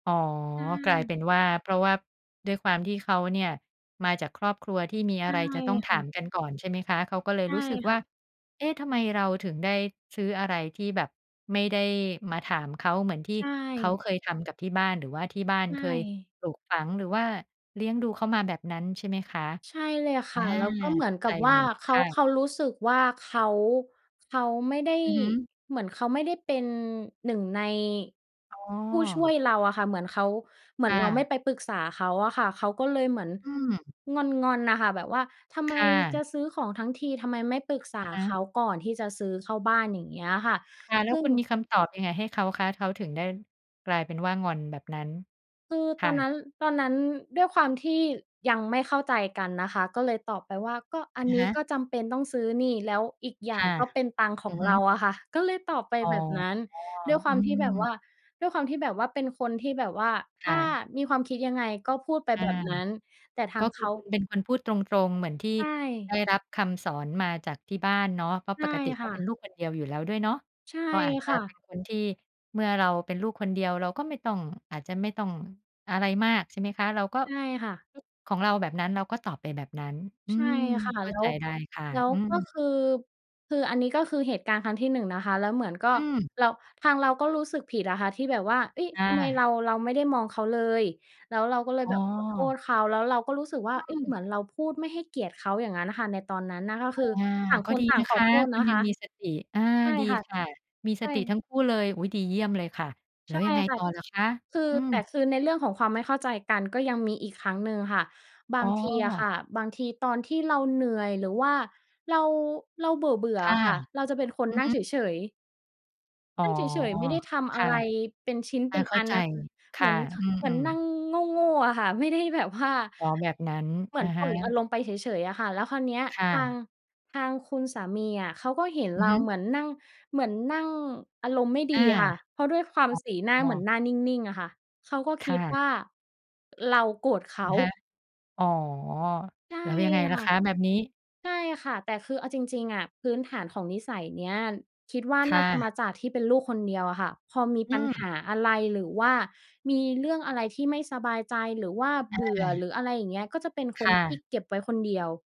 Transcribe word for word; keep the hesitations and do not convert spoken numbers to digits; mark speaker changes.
Speaker 1: อ๋อ
Speaker 2: ใ
Speaker 1: กลายเ
Speaker 2: ช่
Speaker 1: ป็นว่า เพราะว่าด้วยความที่เขาเนี่ย มาจากครอบครัวที่มี
Speaker 2: ใ
Speaker 1: อ
Speaker 2: ช
Speaker 1: ะ
Speaker 2: ่
Speaker 1: ไรจะต้องถ
Speaker 2: ค่
Speaker 1: า
Speaker 2: ะ
Speaker 1: มกันก่อน ใช่ไหมคะ เขาก็เล
Speaker 2: ใ
Speaker 1: ย
Speaker 2: ช่
Speaker 1: รู้สึก
Speaker 2: ค
Speaker 1: ว
Speaker 2: ่
Speaker 1: ่า
Speaker 2: ะ
Speaker 1: เอ๊ะ! ทำไมเราถึงได้ซื้ออะไรที่แบบไม่ได้มาถามเขา เหมือนที่
Speaker 2: ใช
Speaker 1: เขา
Speaker 2: ่
Speaker 1: เคยทำกับที่บ้าน หรือว่าที่บ้าน
Speaker 2: ใช
Speaker 1: เคย
Speaker 2: ่
Speaker 1: ปลูกฝัง หรือว่าเลี้ยงดูเขามาแบบนั้นใช่ไหมคะ?
Speaker 2: ใช่เลยค
Speaker 1: อา
Speaker 2: ่ะ แล้วก็เหมื
Speaker 1: เข
Speaker 2: อน
Speaker 1: ้า
Speaker 2: กั
Speaker 1: ใจ
Speaker 2: บว
Speaker 1: เ
Speaker 2: ่
Speaker 1: ล
Speaker 2: า
Speaker 1: ย
Speaker 2: เข
Speaker 1: ค
Speaker 2: า
Speaker 1: ่ะ
Speaker 2: เขารู้สึกว่า เขา เขาไม่ได้
Speaker 1: อือฮึ
Speaker 2: เหมือนเขาไม่ได้เป็น หนึ่ง ใน
Speaker 1: อ้อ
Speaker 2: ผู้ช่วยเราอะค่ะ เหมือนเขา เหมื
Speaker 1: ค
Speaker 2: อน
Speaker 1: ่
Speaker 2: เราไม
Speaker 1: ะ
Speaker 2: ่ไปปรึกษาเขาอะค่ะ เขาก็เลยเหมือน
Speaker 1: อืม
Speaker 2: งอน ๆ น่ะค่ะ แบบว่าทำไ
Speaker 1: ค
Speaker 2: ม
Speaker 1: ่
Speaker 2: จะ
Speaker 1: ะ
Speaker 2: ซื้อของทั้งที ทำไมไม่ปรึกษา
Speaker 1: อะฮ
Speaker 2: เข
Speaker 1: ะ
Speaker 2: าก่อนที่จะซื้อเข้าบ้าน อย่างเงี้ยอะค่ะ
Speaker 1: ค่ะ แล้
Speaker 2: ซ
Speaker 1: ว
Speaker 2: ึ่
Speaker 1: ค
Speaker 2: ง
Speaker 1: ุณมีคำตอบยังไงให้เขาคะ? เขาถึงได้กลายเป็นว่างอนแบบนั้น
Speaker 2: คือ
Speaker 1: ค
Speaker 2: ตอ
Speaker 1: ่
Speaker 2: นนั
Speaker 1: ะ
Speaker 2: ้น ตอนนั้นด้วยความที่ยังไม่เข้าใจกันนะคะ ก็เลยตอบไปว่า "ก็อัน
Speaker 1: อะ
Speaker 2: นี
Speaker 1: ฮ
Speaker 2: ้
Speaker 1: ะ
Speaker 2: ก็จำเป็นต้องซื้อนี่ แล้วอีกอย่
Speaker 1: ค
Speaker 2: าง
Speaker 1: ่ะ
Speaker 2: ก็เป็นตังค์ข
Speaker 1: อ
Speaker 2: อ
Speaker 1: ื
Speaker 2: ง
Speaker 1: อฮ
Speaker 2: เรา
Speaker 1: ึ
Speaker 2: อะค่ะ" ก็เลยตอบไป
Speaker 1: อ๋อ
Speaker 2: แบบนั้นด้วยคว
Speaker 1: อื
Speaker 2: ามที่แบบ
Speaker 1: ม
Speaker 2: ว่า ด้วยความที่แบบว่าเป็นคนที่แบบว่า
Speaker 1: ค
Speaker 2: ถ
Speaker 1: ่
Speaker 2: ้า
Speaker 1: ะ
Speaker 2: มีความคิดยังไงก็พูดไป
Speaker 1: อา
Speaker 2: แบบนั้น แต่ท
Speaker 1: ก
Speaker 2: า
Speaker 1: ็
Speaker 2: ง
Speaker 1: ค
Speaker 2: เข
Speaker 1: ือ
Speaker 2: า
Speaker 1: คุณเป็นคนพูดตรง ๆ เหมือนที่
Speaker 2: ใช
Speaker 1: ได้
Speaker 2: ่
Speaker 1: รับคำสอนมาจากที่บ้านเนาะ เพราะ
Speaker 2: ใช
Speaker 1: ป
Speaker 2: ่
Speaker 1: กติ
Speaker 2: ค
Speaker 1: ก็
Speaker 2: ่
Speaker 1: เป็
Speaker 2: ะ
Speaker 1: นลูกคนเดียวอยู่แล้วด้วยเนาะ
Speaker 2: ใช่
Speaker 1: ก็อาจจ
Speaker 2: ค
Speaker 1: ะ
Speaker 2: ่
Speaker 1: เป
Speaker 2: ะ
Speaker 1: ็นคนที่ เมื่อเราเป็นลูกคนเดียวเราก็ไม่ต้อง อาจจะไม่ต้องอะไรมาก ใช่ไหมคะ เราก็
Speaker 2: ใช่ค่ะ
Speaker 1: คิดของเราแบบนั้น เราก็ตอบไปแบบนั้น อื
Speaker 2: ใช่
Speaker 1: ม
Speaker 2: ค่ะ
Speaker 1: เข้
Speaker 2: แล
Speaker 1: า
Speaker 2: ้
Speaker 1: ใจ
Speaker 2: ว
Speaker 1: ได้ค่ะ
Speaker 2: แล้ว
Speaker 1: อื
Speaker 2: ก็ค
Speaker 1: ม
Speaker 2: ือ คืออันนี้ก็คือเหตุการณ์ครั้งที่ หนึ่ง นะคะ แล้วเหมือนก็
Speaker 1: อืม
Speaker 2: เรา ทางเราก็รู้สึกผิดอะค่ะที่แบบว่า เฮ้ย!
Speaker 1: ค
Speaker 2: ท
Speaker 1: ่
Speaker 2: ำไมเร
Speaker 1: ะ
Speaker 2: า เราไม่ได้มองเขาเลย แล้วเราก็เลย
Speaker 1: อ้
Speaker 2: แบ
Speaker 1: อ
Speaker 2: บขอโทษเขา แล้วเราก็รู้สึกว่า
Speaker 1: อ
Speaker 2: เฮ้
Speaker 1: ื
Speaker 2: ย! เ
Speaker 1: ม
Speaker 2: หมือนเราพูดไม่ให้เกียรติเขา อย่างงั้นน่ะค่ะ ในตอนนั้นน่ะ ก็คือ
Speaker 1: อา
Speaker 2: ต่าง
Speaker 1: ก
Speaker 2: ค
Speaker 1: ็
Speaker 2: น
Speaker 1: ดี
Speaker 2: ต่า
Speaker 1: น
Speaker 2: ง
Speaker 1: ะ
Speaker 2: ข
Speaker 1: ค
Speaker 2: อ
Speaker 1: ะ
Speaker 2: โทษ
Speaker 1: ค
Speaker 2: น
Speaker 1: ุณ
Speaker 2: ะ
Speaker 1: ย
Speaker 2: ค
Speaker 1: ัง
Speaker 2: ะ
Speaker 1: มีสติ อา
Speaker 2: ใช่
Speaker 1: ดี
Speaker 2: ค่ะ
Speaker 1: ค่ะ มี
Speaker 2: ใ
Speaker 1: ส
Speaker 2: ช่
Speaker 1: ติทั้งคู่เลย อุ๊ย! ดีเยี่ยมเลยค่ะ แล
Speaker 2: ใ
Speaker 1: ้
Speaker 2: ช
Speaker 1: ว
Speaker 2: ่
Speaker 1: ยังไง
Speaker 2: ค่ะ
Speaker 1: ต่อเหรอคะ?
Speaker 2: คือ
Speaker 1: อื
Speaker 2: แต่
Speaker 1: อ
Speaker 2: คือในเรื่องของความไม่เข้าใจกันก็ยังมีอีกครั้งหนึ่งค่ะ บา
Speaker 1: อ๋
Speaker 2: งทีอะค่ะ
Speaker 1: อ
Speaker 2: บางทีตอนที่เราเหนื่อย หรือว่าเรา เราเบื่อ
Speaker 1: ค
Speaker 2: ๆ อ
Speaker 1: ่ะ
Speaker 2: ะค่ะ เราจะเป็นคน
Speaker 1: อือ
Speaker 2: นั่
Speaker 1: ฮ
Speaker 2: งเฉ
Speaker 1: ึ
Speaker 2: ย ๆ
Speaker 1: อ๋อ
Speaker 2: นั่งเฉย ๆ ไม่ได้ท
Speaker 1: ค
Speaker 2: ำอะ
Speaker 1: ่ะ
Speaker 2: ไรเป็นชิ้น
Speaker 1: อ
Speaker 2: เป
Speaker 1: า
Speaker 2: ็น
Speaker 1: เข้
Speaker 2: อ
Speaker 1: า
Speaker 2: ัน
Speaker 1: ใจ
Speaker 2: น่ะค่ะ
Speaker 1: ค
Speaker 2: เหม
Speaker 1: ่
Speaker 2: ื
Speaker 1: ะ
Speaker 2: อน ท
Speaker 1: อื
Speaker 2: เหมือน
Speaker 1: ม
Speaker 2: นั่
Speaker 1: ๆ
Speaker 2: งโง่ ๆ อะค่ะ ไม่ได้แบบว่า
Speaker 1: อ๋อ แบบนั้น
Speaker 2: เหมื
Speaker 1: อ
Speaker 2: อ
Speaker 1: ะ
Speaker 2: น
Speaker 1: ฮ
Speaker 2: ปล่อยอา
Speaker 1: ะ
Speaker 2: รมณ์ไปเฉย ๆ อะค่ะ แล้วคราวเนี้ย
Speaker 1: ค่
Speaker 2: ทาง
Speaker 1: ะ
Speaker 2: ทางคุณสามีอะเขาก็เห็น
Speaker 1: อ
Speaker 2: เ
Speaker 1: ื
Speaker 2: ร
Speaker 1: อ
Speaker 2: า
Speaker 1: ฮึ
Speaker 2: เหมือนนั่ง เหมือนนั่งอารมณ์ไม่ด
Speaker 1: อ
Speaker 2: ี
Speaker 1: า
Speaker 2: อะค่ะ เพราะด้วยความสีหน้า
Speaker 1: อ๋อ อ้
Speaker 2: เหมือน
Speaker 1: อ
Speaker 2: หน้านิ่ง ๆ อะค่ะ เขาก็ค
Speaker 1: ค
Speaker 2: ิ
Speaker 1: ่
Speaker 2: ดว
Speaker 1: ะ
Speaker 2: ่า เราโกรธเข
Speaker 1: อ
Speaker 2: า
Speaker 1: ะฮะ อ๋อ
Speaker 2: ใช่
Speaker 1: แล้วยังไงล่
Speaker 2: ค
Speaker 1: ะ
Speaker 2: ่ะ
Speaker 1: คะแบบนี้?
Speaker 2: ใช่ค่ะ แต่คือเอาจริง ๆ อะ พื้นฐานของนิสัยเนี้ย คิดว่า
Speaker 1: ค
Speaker 2: น
Speaker 1: ่
Speaker 2: ่าจะมา
Speaker 1: ะ
Speaker 2: จากที่เป็นลูกคนเดียวอะค่ะ พอมี
Speaker 1: อ
Speaker 2: ปัญ
Speaker 1: ื
Speaker 2: ห
Speaker 1: ม
Speaker 2: าอะไร หรือว่ามีเรื่องอะไรที่ไม่สบายใจ หรือว่าเ
Speaker 1: อ
Speaker 2: บื่อ ห
Speaker 1: า
Speaker 2: รืออะไรอย่างเงี้ย ก็จะเป็นค
Speaker 1: ค
Speaker 2: น
Speaker 1: ่
Speaker 2: ที่
Speaker 1: ะ
Speaker 2: เก็บไว้คนเดียว